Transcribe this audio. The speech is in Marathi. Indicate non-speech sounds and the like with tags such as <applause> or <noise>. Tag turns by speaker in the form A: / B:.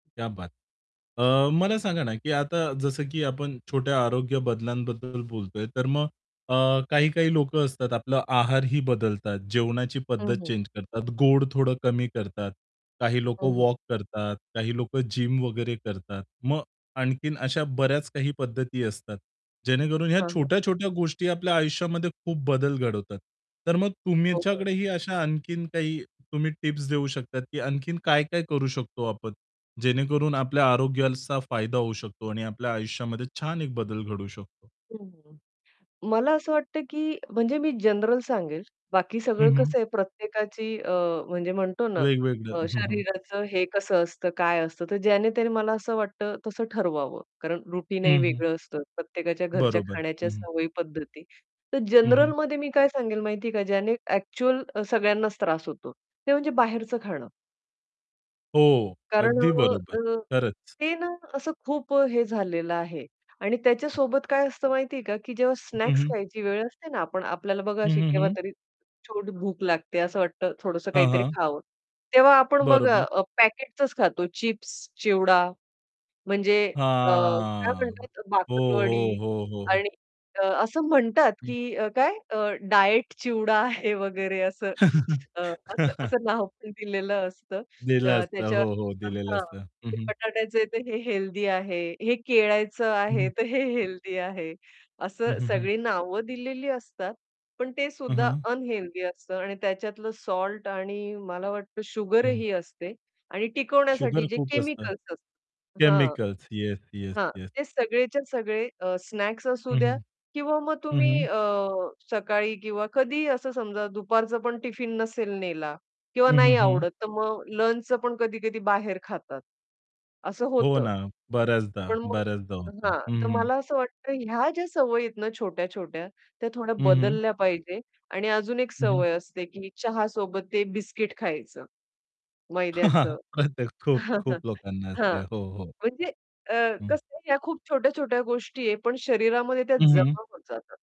A: क्या बात है! अ, मला सांगा ना की आता जसं की आपण छोट्या आरोग्य बदलांबद्दल बोलतोय, तर मग अ, काही-काही लोक असतात आपला आहारही बदलतात, जेवणाची
B: हं,
A: पद्धत
B: हं.
A: चेंज करतात, गोड थोडं कमी करतात, काही लोक
B: हं, हं.
A: वॉक करतात, काही लोक जिम वगैरे करतात. मग आणखीन अशा बऱ्याच काही पद्धती असतात, जेणेकरून ह्या
B: हां, हां.
A: छोट्या-छोट्या गोष्टी आपल्या आयुष्यामध्ये खूप बदल घडवतात. तर मग
B: हो, हो.
A: तुमच्याकडेही अशा आणखीन काही तुम्ही टिप्स देऊ शकतात की आणखीन काय-काय करू शकतो आपण, जेणेकरून आपल्या आरोग्याचा फायदा होऊ शकतो आणि आपल्या आयुष्यामध्ये छान एक बदल घडू शकतो.
B: हं. मला असं वाटत की म्हणजे मी जनरल सांगेल. बाकी सगळं
A: हं, हं.
B: कसं आहे प्रत्येकाची अ, म्हणजे म्हणतो ना
A: वेगवेगळं.
B: अ,
A: हं, हं.
B: शरीराचं हे कसं असतं, काय असतं, तर ज्याने-त्याने मला असं वाटत तसं ठरवावं कारण रुटीनही
A: हं, हं.
B: वेगळं असतं, प्रत्येकाच्या घरच्या
A: बरोबर.
B: खाण्याच्या
A: हं, हं.
B: सवयी पद्धती. तर
A: हं, हं.
B: जनरलमध्ये मी काय सांगेल माहिती आहे का ज्याने ॲक्चुअल सगळ्यांनाच त्रास होतो, ते म्हणजे बाहेरचं खाणं.
A: हो,
B: कारण
A: अगदी
B: अ,
A: बरोबर.
B: अ,
A: खरंच.
B: ते ना असं खूप अ, हे झालेलं आहे आणि त्याच्या
A: हं.
B: सोबत काय असतं माहिती आहे का की जेव्हा
A: हं,
B: स्नॅक्स
A: हं.
B: खायची वेळ असते ना पण आपल्याला बघा
A: हं,
B: अशी
A: हं, हं.
B: केव्हातरी छोट भूक लागते असं वाटतं थोडंसं
A: हां,
B: काहीतरी
A: हां.
B: खावं. तेव्हा आपण बघा
A: बरोबर.
B: अ, पॅकेट्सचंच खातो चिप्स, चिवडा म्हणजे अ, काय
A: हां.
B: म्हणतात
A: हो, हो,
B: बाकरवडी.
A: हो, हो, हो.
B: आणि अ, असं म्हणतात
A: हं.
B: की अ, काय अ, डायट चिवडा आहे वगैरे असं <sucks teeth> अ, असं
A: <chuckles>
B: असं नाव पण दिलेलं असतं
A: दिलं
B: अ,
A: असतं.
B: त्याच्या
A: हो, हो, दिलेलं
B: हां.
A: असतं. हं,
B: ते
A: हं.
B: बटाट्याचं आहे तर हे हेल्थी आहे, हे केळ्याचं
A: हं,
B: आहे,
A: हं.
B: तर हे हेल्थी आहे,
A: हं,
B: असं
A: हं, हं.
B: सगळी नावं दिलेली असतात. पण ते
A: हं,
B: सुद्धा
A: हं.
B: अनहेल्थी असतं आणि त्याच्यातलं सॉल्ट आणि मला वाटतं
A: हं.
B: शुगरही असते आणि टिकवण्यासाठी
A: शुगर
B: जे
A: खूप असतं.
B: केमिकल्स असतात हां.
A: केमिकल्स, येस, येस,
B: हां,
A: येस.
B: ते सगळेच्या सगळे अ, स्नॅक्स असू
A: हं,
B: द्या
A: हं.
B: किंवा मग
A: हं,
B: तुम्ही
A: हं.
B: अ, सकाळी किंवा कधीही असं समजा दुपारचं पण टिफिन नसेल नेला किंवा
A: हं, हं,
B: नाही
A: हं.
B: आवडत, तर मग लंचचं पण कधी-कधी बाहेर खातात. असं
A: हो
B: होतं.
A: ना. बऱ्याचदा,
B: पण मग
A: बऱ्याचदा होतं.
B: हां.
A: हं,
B: तर
A: हं.
B: मला असं वाटतं ह्या ज्या सवयी आहेत ना, छोट्या-छोट्या. त्या थोड्या
A: हं, हं.
B: बदलल्या पाहिजे आणि अजून एक
A: हं.
B: सवय असते की चहासोबत ते बिस्किट खायचं. मैद्याचं.
A: <chuckles> प्रत्तेक खूप,
B: <chuckles>
A: खूप लोकांना
B: हां.
A: असते, हो, हो.
B: म्हणजे अ,
A: हं.
B: कसं ह्या खूप छोट्या-छोट्या गोष्टी आहेत, पण शरीरामध्ये त्या
A: हं, हं.
B: जमा होत जातात.